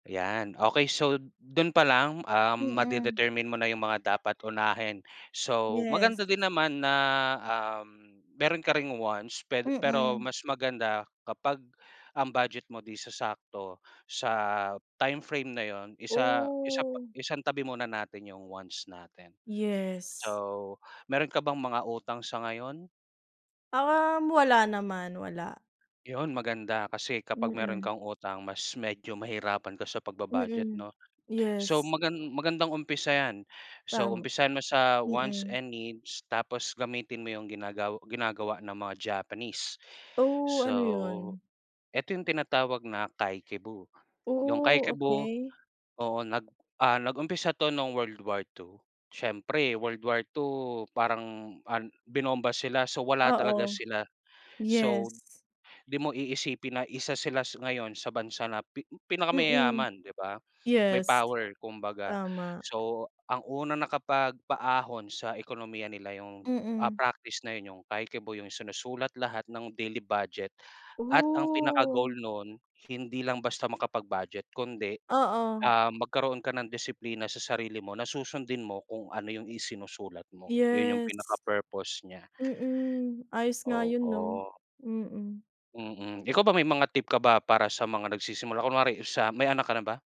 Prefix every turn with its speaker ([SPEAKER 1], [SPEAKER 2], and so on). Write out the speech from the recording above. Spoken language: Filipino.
[SPEAKER 1] Yan, okey. So dun pa lang, ah,
[SPEAKER 2] Mm.
[SPEAKER 1] ma-de-determine mo na yung mga dapat unahin so
[SPEAKER 2] Yes.
[SPEAKER 1] maganda din naman na, um, meron ka ring wants ped pero
[SPEAKER 2] Mm.
[SPEAKER 1] mas maganda kapag ang budget mo di sasakto sa time frame na yun, isa isa pa
[SPEAKER 2] Oh.
[SPEAKER 1] isantabi muna natin 'yong wants natin.
[SPEAKER 2] Yes.
[SPEAKER 1] So meron ka bang mga utang sa ngayon?
[SPEAKER 2] Um, wala naman wala.
[SPEAKER 1] 'Yon, maganda kasi kapag meron
[SPEAKER 2] Mm.
[SPEAKER 1] kang utang mas medyo mahirapan ka sa pagbu-budget
[SPEAKER 2] Mm,
[SPEAKER 1] 'no. So
[SPEAKER 2] yes.
[SPEAKER 1] magan magandang umpisa 'yan, so
[SPEAKER 2] Tama,
[SPEAKER 1] umpisahan mo sa wants
[SPEAKER 2] mm.
[SPEAKER 1] and needs tapos gamitin mo 'yong ginagaw ginagawa ng mga Japanese,
[SPEAKER 2] Oh,
[SPEAKER 1] so
[SPEAKER 2] ano yun?
[SPEAKER 1] ito 'yong tinatawag na kakeibo. 'Yong
[SPEAKER 2] Oh,
[SPEAKER 1] kakeibo
[SPEAKER 2] okey.
[SPEAKER 1] oo, nag ah, nag-umpisa 'to nung World War II. Siyempre World War II parang, ah, binomba sila so wala talaga
[SPEAKER 2] Oo,
[SPEAKER 1] sila, so
[SPEAKER 2] yes.
[SPEAKER 1] di mo iisipin na isa sila s ngayon sa bansa na pi
[SPEAKER 2] Mm,
[SPEAKER 1] pinakamayaman, di ba? May
[SPEAKER 2] yes.
[SPEAKER 1] power kumbaga,
[SPEAKER 2] Tama.
[SPEAKER 1] so ang unang nakapagpaahon sa ekonomiya nila yung, ah,
[SPEAKER 2] Mm.
[SPEAKER 1] practice na yun yung kakeibo, yung sinusulat lahat ng daily budget at ang pinaka-goal
[SPEAKER 2] Oh.
[SPEAKER 1] nun hindi lang basta makapag-budget kundi,
[SPEAKER 2] Oo.
[SPEAKER 1] ah, magkaroon ka ng disiplina sa sarili mo na susundin mo kung ano yung isinusulat mo, yun yung
[SPEAKER 2] Yes.
[SPEAKER 1] pinaka-purpose niya.
[SPEAKER 2] Mm, ayos nga yun 'no?
[SPEAKER 1] Oo.
[SPEAKER 2] Mm.
[SPEAKER 1] Mm, ikaw ba may mga tip ka ba para sa mga nagsisimula, kunwari sa may anak ka na ba?